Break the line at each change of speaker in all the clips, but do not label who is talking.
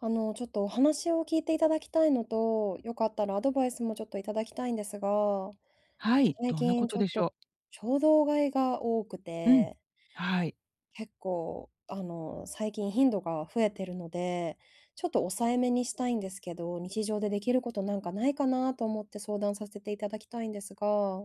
あの、ちょっとお話を聞いていただきたいのと、良かったらアドバイスもちょっといただきたいんですが、
はい、
最
どんな
近
こ
ち
と
ょっ
でし
と
ょう？
衝動買いが多く
うん、
て
はい。
結構、あの、最近頻度が増えてるので、ちょっと抑え目にしたいんですけど、日常でできることなんかないかなと思って相談させていただきたいんですが。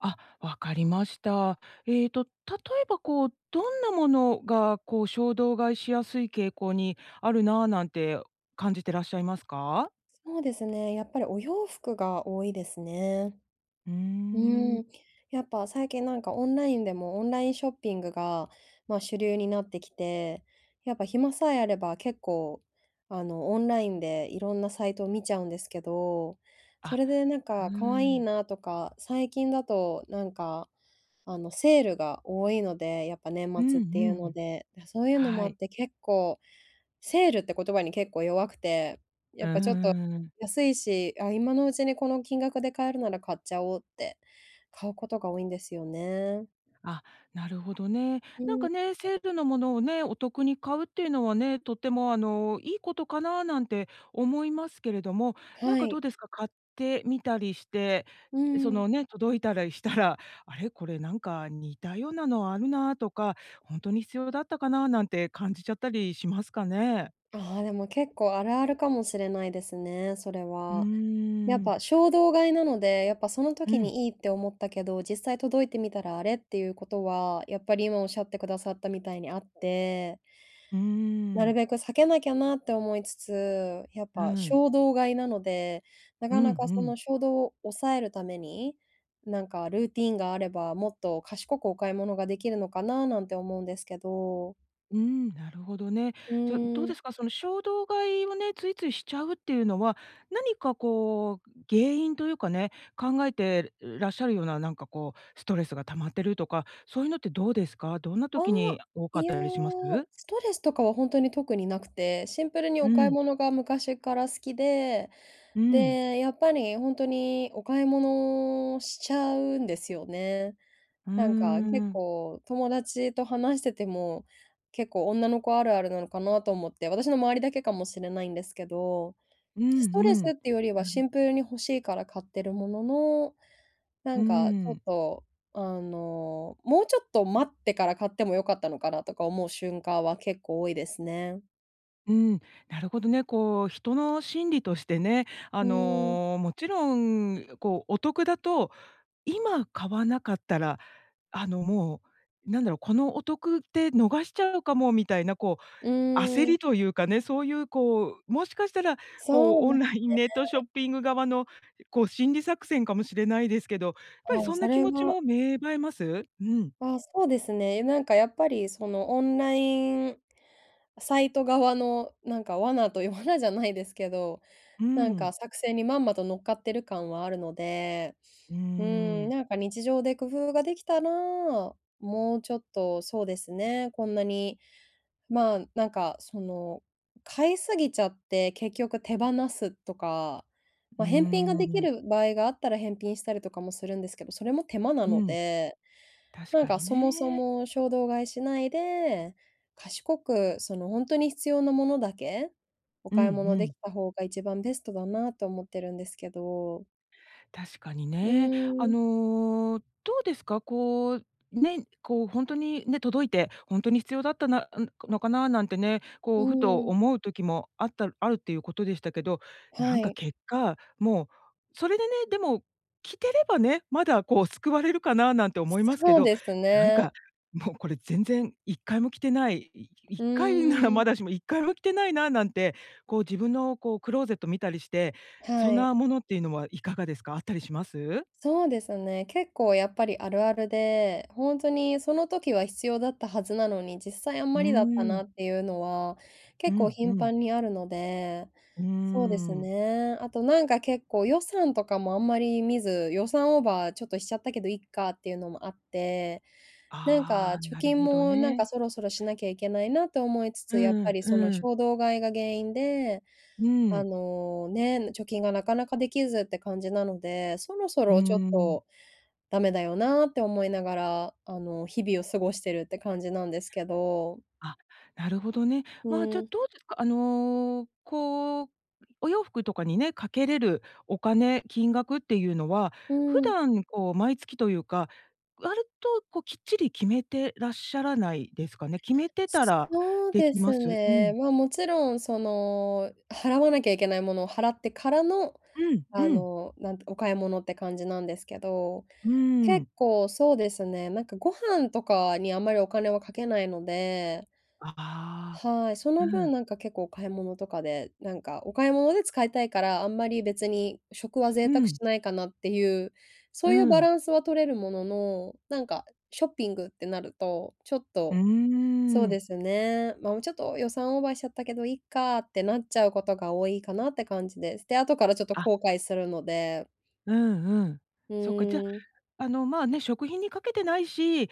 あ、わかりました。えっと例えばこう、どんなものが、こう、衝動買いしやすい傾向にあるな、なんて感じてらっしゃいますか？
そうですね、やっぱりお洋服が多いですね。
う
う
ーん。
ーん、やっぱ最近なんかオンラインでもオンラインショッピングが、ま、主流になってきて、やっぱ暇さえあれば結構、あの、オンラインでいろんなサイトを見ちゃうんですけど、そ
あ、
れでなん
うー
か可愛い
ん。
なとか、最近だとなんか、あの、セールが多いので、やっぱ年
う
末
ん
っ
う
て
ん
いう
う
の
ん。
で、そういうのもあ
はい。
って、結構セールって言葉に結構弱くて、や
うー
っぱちょっと
ん。
安いし、あ、今のうちにこの金額で買えるなら買っちゃおうって、買うことが多いんですよね。
あ、なるほどね。
う
なん
ー
か
ん。
ね、セールのものをね、お得に買うっていうのはね、とっても、あの、いいことかななんて思いますけれども、なん
は
かど
い。
うですか、買ってみたりして、
うー
そ
ん。
のね、届いたらしたら、あれこれなんか似たようなのあるなとか、ほんとに必要だったかななんて感じちゃったりしますかね？
ああ、でも、結構あるあるかもしれないですね、それ
うー
は。やっ
ん。
ぱ衝動買いなので、やっぱその
う
時
ん。
にいいって思ったけど、実際届いてみたらあれっていうことは、やっぱり今おっしゃってくださったみたいにあって。
うー
なる
ん。
べく避けなきゃなって思いつつ、やっ
う
ぱ
ん。
衝動買いなので、な
う
か
ん
なかそ
うん。
の衝動を抑えるために、なんかルーティンがあれば、もっと賢くお買い物ができるのかななんて思うんですけど。
うん、なるほどね。
う
じゃ、どう
ー
で
ん。
すか？その衝動買いをね、ついついしちゃうっていうのは、何かこう、原因というかね、考えてらっしゃるような、なんかこう、ストレスが溜まってるとか、そういうのってどうですか？どんな時
あ、
に多か
い
っ
や、
たりします？
ストレスとかはほんとに特になくて、シンプルに
う
お買い
ん
物が昔から好きで、
うん。
で、やっぱりほんとにお買い物しちゃうんですよね。
うー
なんか、結
ん。
構友達と話してても、結構女の子あるあるなのかなと思って、私の周りだけかもしれないんですけど、
うんう
ストレス
ん、
っていうよりは
な
シ
る。
ンプルに欲しいから買ってるものの、な
うー
んか、ちょっ
ん。
と、あの、もうちょっと待ってから買っても良かったのかな、とか思う瞬間は結構多いですね。
うん、なるほどね、こう人の心理としてね、
う
あ
ーん。
の、もちろん、ん、こうお得だと、今買わなかったら、あのもう、なんだろう、このお得って逃しちゃうかもみたいなこ
う
う、焦
ーん。
りというかね、そういうこう、もしかしたら、こ
そう
う
で
オ
す
ンラインネットショ
ね。
ッピング側の、こう心理作戦かもしれないですけど、やっぱり
ああ、
そん
そ
な気
れ
持ち
も
も芽生えます？うん。
ああ、そうですね。え、なんかやっぱりその、オンラインサイト側のなんか罠という、罠じゃないですけど、
う
なんか
ん。
作戦にまんまと乗っかってる感はあるので、
うー
うん、
ん。
なんか日常で工夫ができたら、もうちょっとそうですね、こんなに、まあ、なんかその、買い過ぎちゃって、結局手放すとか、
うー
ま、返品ができ
ん。
る場合があったら返品したりとかもするんですけど、それも手間な
う
の
ん。
で、
確
なん
か
か
に
そもそ
ね。
も衝動買いしないで、賢くそのほんとに必要なものだけ、お
うん、う
買い物でき
ん。
た方が一番ベストだなと思ってるんですけど。
確かに
う
ね。あ
ーん。
の、どうですか、こう、ね、こうほんとにね、届いて、ほんとに必要だったな、うん、このかななんてね、
う
こうふと
ん。
思う時もあったあるっていうことでしたけど、な
は
んか
い。
結果、もう、それでね、でも着てればね、まだこう救われるかななんて思いますけ
そう
ど、
です
なん
ね。
か、もうこれ全然1回も着てない、いいっ
う
かいなら
ー
ま
ん。
だしも1回も着てないななんて、こう自分のこうクローゼット見たりして、そ
は
ん
い。
なものっていうのはいかがですか？あったりします？
そうですね。結構やっぱりあるあるで、ほんとにその時は必要だったはずなのに、実際あん
う
まりだった
ー
な
ん。
っていうのは、
う
結構
ん、う
頻
ん。
繁にあるので、
うー
そうです
ん。
ね。あとなんか結構予算とかもあんまり見ず、予算オーバーちょっとしちゃったけど、いっかっていうのもあって、なんか、
ああ、
貯
なる
金
ほど
もなん
ね。
かそろそろしなきゃいけないなと思いつ
う
つ、やっぱ
ん、
りその
うん。
衝動買いが原因で、
う
あ
ん。
の、ね、ん、貯金がなかなかできずって感じなので、そろそ
うー
ろちょっ
ん。
と、ダメだよなって思いながら、あの日々を過ごしてるって感じなんですけど。
あ、なるほどね。
う
まあ、じゃ
ん。
どうですか、あの、こう、お洋服とかにね、かけれるお金、金額っていうのは、
う
普
ん。
段こう、毎月というか、割とこうきっちり決めてらっしゃらないですかね。決めて
そ
た
そ
ら
そう
で
で
きま
す
す？う
ね、
ん。
まあ、もちろんその、払わなきゃいけないものを払ってからの、
う
あ
ん、うん。
の、なんてお買い物って感じなんですけど、
うーん。
結構そうですね、なんかご飯とかにあんまりお金はかけないので。
ああ、
はい、そ
う
の分
ん。
なんか結構お買い物とかで、なんかお買い物で使いたいから、あんまり別に食は贅
う
沢し
ん。
ないかなっていう、そ
う
ういうバ
ん。
ランスは取れるものの、なんかショッピングってなると、ちょっ
う
と、そう
ーん。
ですね、まあ、うん、ちょっと予算オーバーしちゃったけど、いっかってなっちゃうことが多いかなって感じです。で、後からちょっと
あ。
後悔するので。
うん、うん。
う
そっか、じゃ、
ーん。
あの、まあ、ね、食費にかけてないし、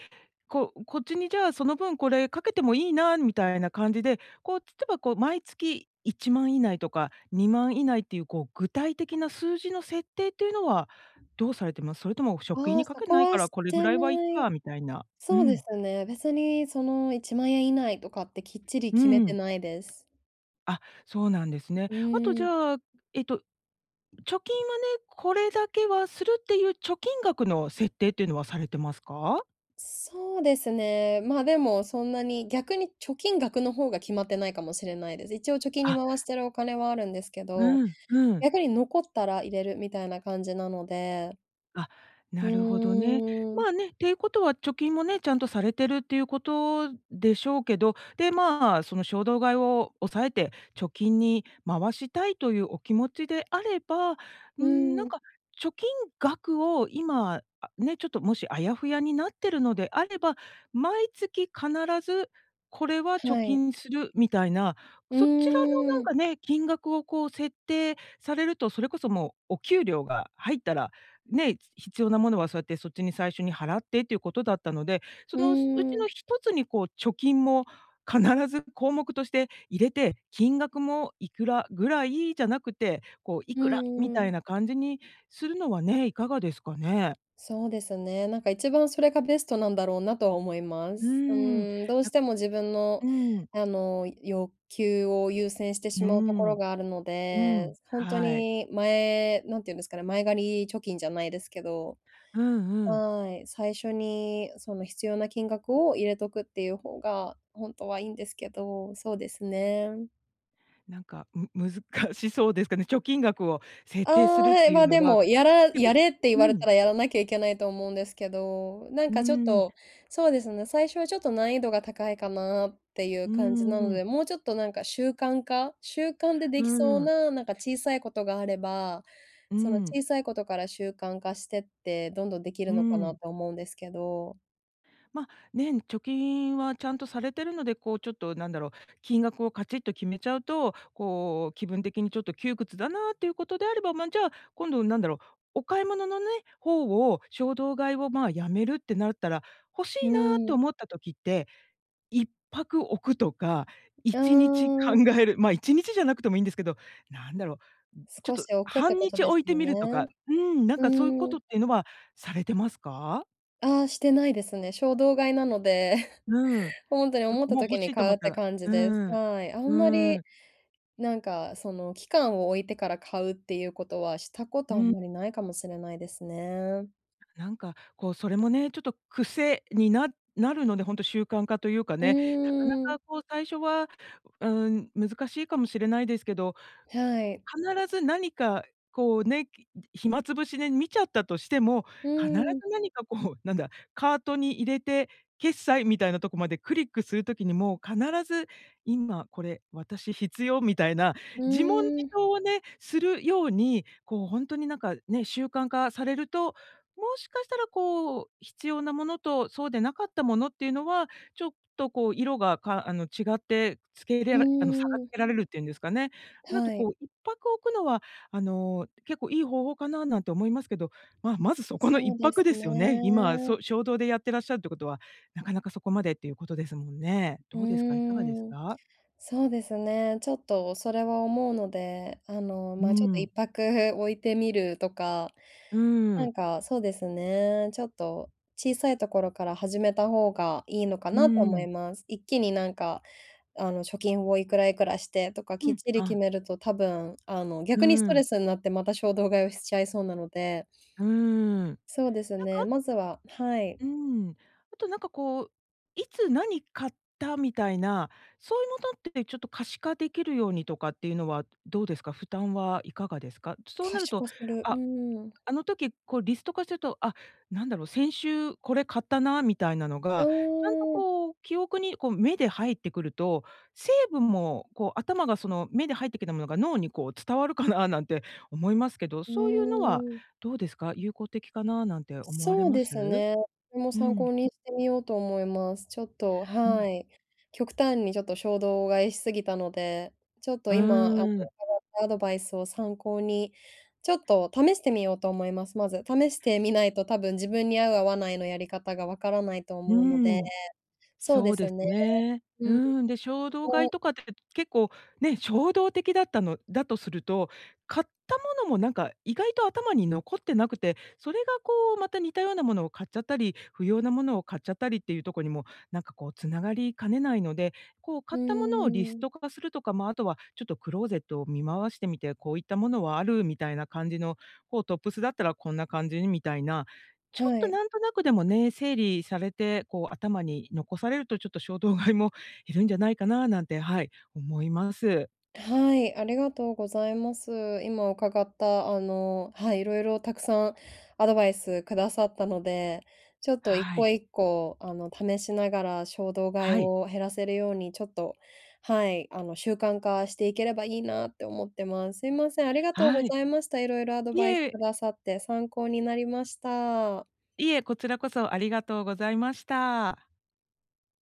こう、こっちにじゃあ、その分これかけてもいいなみたいな感じで、こう、例えばこう毎月10000以内とか20000以内っていうこう具体的な数字の設定っていうのは、どうされてます？それとも食費
ああ、
にか
そ
け
こ
ない
は
から
し
これぐ
て
らいはいっ
ない。
かみたいな。う
そうで
ん。
すね、別にその、¥10000以内とかってきっちり
う
決めて
ん。
ないです。
あ、そうなんですね。
う
あと、じ
ん。
ゃあ、えっと、貯金はね、これだけはするっていう貯金額の設定っていうのはされてますか？
そうですね。ま、でもそんなに、逆に貯金額の方が決まってないかもしれないです。一応貯金に
あ。
回してるお金はあるんですけど、
うん、うん。
逆に残ったら入れるみたいな感じなので
あ、
う
なるほどね。
ーん。
まあね、っていうことは貯金もね、ちゃんとされてるっていうことでしょうけど、で、まあ、その衝動買いを抑えて、貯金に回したいというお気持ちであれば、
う
ん、なん
ん。
か、貯金額を今、あね、ちょっともしあやふやになってるのであれば、毎月必ずこれは貯
はい。
金するみたいな。
う
そちらのなん
ん。
かね、金額を、こう、設定されると、それこそもうお給料が入ったら、ね、ひ必要なものはそうやってそっちに最初に払ってっていうことだったので、そ
う
のうち
ん。
の1つに、こう、貯金も必ず項目として入れて、金額もいくらぐらいじゃなくて、こう、い
う
くらみ
んう
たい
ん。
な感じにするのはね、いかがですかね。
そうですね、なんか一番それがベストなんだろうなとは思いま
うー
す。う
ん、
ーん、どう
や
しても自分の、
うーん。
あの、欲求を優先して
う
し
ー
まうところ
ん、
があるの
う
で、
ん、
ほんと
はい。
に前何て言うんですかね、前借り貯金じゃないですけど、
うんうん。
はい、最初にその必要な金額を入れとくっていう方が、ほんとはいいんですけど。そうですね。
なんか、む難しそうですかね。貯金額を設
ああ、
定するっ
はい。
ていう
ま、
の
で
は、
も、やら
結
や
構
れって言
う
われた
ん。
ら、やらなきゃいけないと思うんですけど。なん
うー
かちょっ
ん。
とそうですね、最初はちょっと難易度が高いかなっていう
うん
感じな
うん
の
うん。
で、もうちょっとなんか習慣化、習慣でで
う
きそう
ん。
な、なんか小さいことがあれば、
う
その
ん。
小さいことから習慣化してってどんどんでき
う
るのかな
ん。
と思うんですけど
ま、ね、ん、貯金はちゃんとされてるので、こうちょっとなんだろう、金額をカチッと決めちゃうと、こう、気分的にちょっと窮屈だなっていうことであれば、ま、じゃあ、今度なんだろう、お買い物のね、方を衝動買いをまあ、やめるってなったら、欲しい
う
なと
ん。
思った時って、一拍置くとか い
あ
ちにち考
あ。
える、まあ、1日じゃなくてもいんですけど、なんだろう、んちょっ
少
と
し置くって
半
こと
日
です
置いて
よ
みるとか
ね。
うん、なん
う
かそういうこ
ー
と
ん。
っていうのはされてますか？
あ、してないですね。衝動買いなので
うん。
ほんとに
そ、
思った
もう欲
時に
しいと
買
思っ
うっ
た
て
ら
感じです。
うん。
はい。あんま
う
り、
ん。
なんか、その、期間を置いてから買うっていうことはしたこ
う
とあん
ん。
まりないかもしれないですね。
なんか、こう、それもね、ちょっと癖にななるので、ほんと習慣化というか
う
ね、なか
ーん。
なかこう最初は、うーん、難しいかもしれないですけど。
はい。
必ず何か、こうね、き暇つぶしで見ちゃったとしても、
う
必ず
ーん。
何かこう、なんだ、カートに入れて、決済みたいなとこまでクリックする時にも、必ず今これ私必要みたいな、
う
自問自
ーん。
答をね、するように、こうほんとになんかね、習慣化されると。もしかしたらこう、必要なものと、そうでなかったものっていうのは、ちょっとこう色が、かあの違ってつけい
う
れらあの差がつ
ーん。
けられるっていうんですかね。なんと
は
こ
い。
う1拍置くのはあの結構いい方法かな、なんて思いますけど、ま、まずそこのいっ
そう
ぱ
です
くですよね。今、
ね。
そ、衝動でやってらっしゃるっていうことは、なかなかそこまでっていうことですもんね。
うー
どうですか、いかがです
ん、
か？
そうですね。ちょっとそれは思うので、あの、
う
ま、ちょっとい
ー
っ
ん。
ぱくおいてみるとか、
うー
なん
ん。
か、そうですね、ちょっと、小さいところから始めた方がいいのか
う
なと
ー
思
ん。
います。一気になんか、あの、貯金を、いくらいくらしてとか
う
きっ
ん。
ちり決
あ。
めると多分、あの、
う
逆にス
ー
トレ
ん。
スになって、また衝動買いをしちゃいそうなので。
うーん。なん
そうです
か、
ね、
あ
まずははい。
うーん。あと、なんかこう、いつ何買ったみたいな、そういうものってちょっと可視化できるようにとかっていうのはどうですか、負担はいかがですか？そう
可
なる
視
と、
化する、う
あ、
ーん。
あの時こうリスト化してると、あ、なんだろう、先週これ買ったな、みたいなの
う
が、ちゃんと
ーん。
こう、記憶に、こう、目で入ってくると、せいぶんもこう頭がその目で入ってきたものが脳にこう伝わるかななんて思いますけど、
う
そういうのは
ーん。
どうですか？有効的かな、なんて思われ
そう
ま
です
す？
ね。それも
う
参
ん。
考にしてみようと思います。ちょっと、
うん。
はい。極端にちょっと衝動買いし過ぎたので、ちょっと
う
今、あの、伺
ーん。
ったアドバイスを参考に、ちょっと試してみようと思います。まず。試してみないと多分自分に合う、合わないのやり方が分からないと
う
思うので、
ーん。
そう
そ
で
うで
す
す
ね。
ね。う
うん。
ーん。で、衝
[unintelligible]
動
こ
買い
う。
とかって結構、ね、衝動的だったのだとすると、買ったものもなんか意外と頭に残ってなくて、それが、こう、また似たようなものを買っちゃったり、不要なものを買っちゃったりっていうとこにも、なんか、こう、繋がりかねないので、こう、
うー
買ったものをリス
ん。
ト化するとか、まあ、あとは、ちょっとクローゼットを見回してみて、こういったものはある、みたいな感じの、こうトップスだったらこんな感じにみたいな、ちょっ
は
と
い。
なんとなくでもね、整理されて、こう、頭に残されるとちょっと衝動買いも減るんじゃないかななんて、はい、思います。
はい、ありがとうございます。今伺った、あの、はい、色々たくさんアドバイスくださったので、ちょっといっ
は
こ、
い。
1個あの、試しながら衝動買い
はい。
を減らせるように、ちょっと、はい、あの、習慣化していければいいなって思ってます。すいません、ありがとうご
はい。
ざいました。色々アド
い
バイスく
え。
ださって参考になりました。
いえ、こちらこそありがとうございました。